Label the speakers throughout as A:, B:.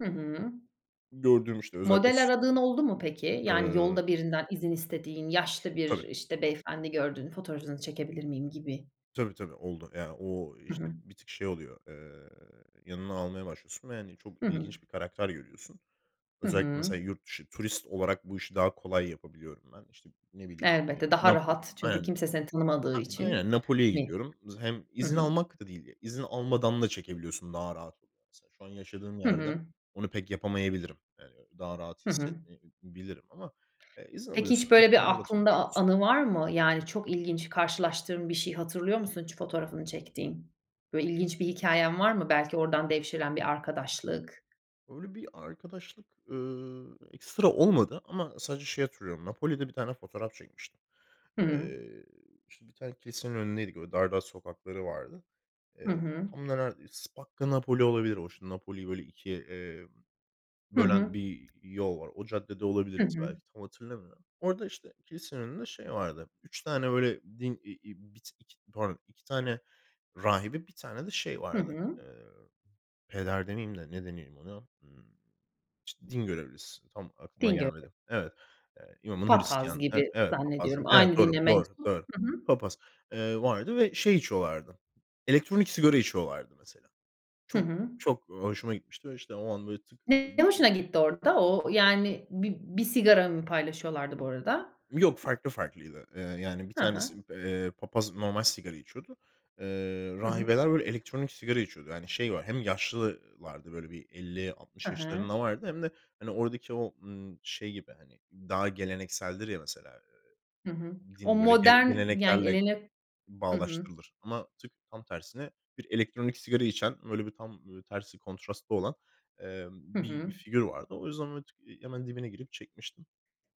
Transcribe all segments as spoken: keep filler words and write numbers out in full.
A: Hı hı.
B: Gördüğüm işte özellikle
A: Model
B: s
A: aradığın oldu mu peki? Yani
B: Iıı
A: yolda birinden izin istediğin yaşlı bir,
B: Tabii.
A: işte, beyefendi gördün fotoğrafınızı çekebilir miyim gibi.
B: Tabii tabii oldu. Yani, ooo,
A: Hı
B: işte
A: hı.
B: bir tık şey oluyor, eee, yanına almaya başlıyorsun ve, hani, çok
A: Hı hı.
B: ilginç bir karakter görüyorsun.
A: Hı
B: Özellikle
A: hı.
B: mesela yurt dışı turist olarak bu işi daha kolay yapabiliyorum ben. İşte, ne bileyim, eee,
A: Elbette daha
B: Napo
A: rahat çünkü
B: Aynen
A: kimse seni tanımadığı
B: a
A: için
B: aynen, Napoli'ye
A: mi?
B: gidiyorum. Z hem
A: Hı
B: izin
A: hı.
B: almak da değil, izin almadan da çekebiliyorsun daha rahat oluyor mesela. Şu an yaşadığım
A: Hı
B: yerde
A: hı.
B: onu pek yapamayabilirim. Eee, daha rahat
A: Hı hı.
B: hissetmeyebilirim ama, eee, izin
A: Peki, hiç
B: alıyorsun.
A: böyle bir
B: İnsanlarla
A: aklında a a
B: tanışıyorsun.
A: anı var mı? Yani çok ilginç karşılaştığın bir şeyi hatırlıyor musun hiç fotoğrafını çektiğin? Böyle ilginç bir hikâyen var
B: [unintelligible]
A: mı? Belki oradan devşiren bir arkadaşlık.
B: Öyle bi arkadaşlık, ııı, ekstra olmadı ama sadece şey hatırlıyorum. Napoli'de bir tane fotoğraf çekmiştim.
A: Hıı.
B: Eee, işte bir tane kilisenin önündeydik. Böyle dar dar sokakları vardı.
A: Hı
B: Eee,
A: hı.
B: tam da ra S Spacca Napoli olabilir o işte Napoli'yi böyle ikiye, eee,
A: Hı
B: bölen
A: hı.
B: bir, iii, yol var. O caddede
A: Hı
B: olabiliriz
A: hı.
B: belki, tam hatırlamıyorum. Orada, işte, kilisenin önünde şey vardı. üç tane böyle din, iii, bir t iki pardon, iki tane rahibe bir tane de şey
A: Hı
B: vardı.
A: hı.
B: Eee, peder demeyeyim de ne deneyim ona? Imm, işte, din görevlisi, tam aklıma
A: Din göre
B: gelmedi. Evet, eee, imamın
A: Papaz
B: Hristiyan'ı. Ev
A: gibi
B: evet papaz
A: zannediyorum
B: gibi. Evet
A: aynı
B: doğru
A: dine
B: doğru
A: mensup.
B: doğru.
A: Hı hı.
B: Papaz, eee, vardı ve şey içiyorlardı. Elektronik sigara içiyorlardı mesela.
A: Hı
B: Çok
A: hı.
B: çok, ııı, hoşuma gitmişti ve işte o an böyle tık
A: N
B: böyle
A: ne
B: ımm.
A: hoşuna gitti orada? O yani bi bir sigara mı paylaşıyorlardı bu arada?
B: Yok,
A: Y
B: farklı farklıydı. Eee, yani bir
A: Ha
B: tanesi,
A: ha.
B: eee, Papaz normal sigara içiyordu. Eee,
A: Hı hı.
B: rahibeler böyle elektronik sigara içiyordu. Yani şey var hem yaşlı ııı, lardı böyle bi elli altmış
A: Hı hı.
B: yaşlarında vardı hem de hani oradaki o, ımm, şey gibi, hani, daha gelenekseldir ya mesela,
A: Hı hı.
B: eee,
A: O
B: din böyle gele
A: modern, yan
B: geleneklerle
A: gelenek. Hı hı.
B: bağdaştırılır ama tık tam tersine bir elektronik sigara içen böyle bir tam, ımm, böyle tersi kontrastlı olan, emm,
A: Hı
B: bir
A: hı.
B: figür vardı. O yüzden, ooo, t hemen dibine girip çekmiştim.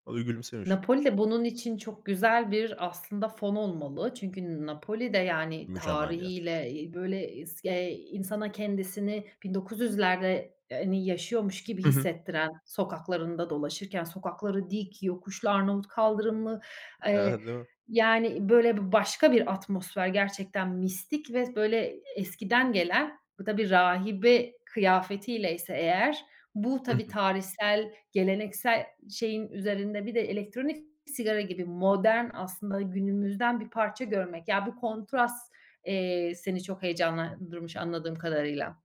B: O da gülümsemişti.
A: Napoli'de bunun için çok güzel bir aslında fon olmalı. Çünkü N Napoli'de yani
B: Mükemmel bir yer.
A: tarihiyle, iii, böyle isk eee, insana kendisini bin dokuz yüzlerde eee, hani yaşıyormuş gibi
B: Hı hı.
A: hissettiren, sokaklarında dolaşırken sokakları dik, yokuşlu Arnavut kaldırımlı, eee,
B: Eee, değil mi?
A: yani böyle b b başka bir atmosfer gerçekten mistik ve böyle e eskiden gelen, bu tabii, rahibe kıyafetiyleyse eğer bu
B: Hı
A: tabii,
B: hı.
A: tarihsel, geleneksel şeyin üzerinde bir de elektronik sigara gibi modern aslında günümüzden bir parça görmek. Ya bu kontrast, eee, seni çok heyecanlandırmış anladığım kadarıyla.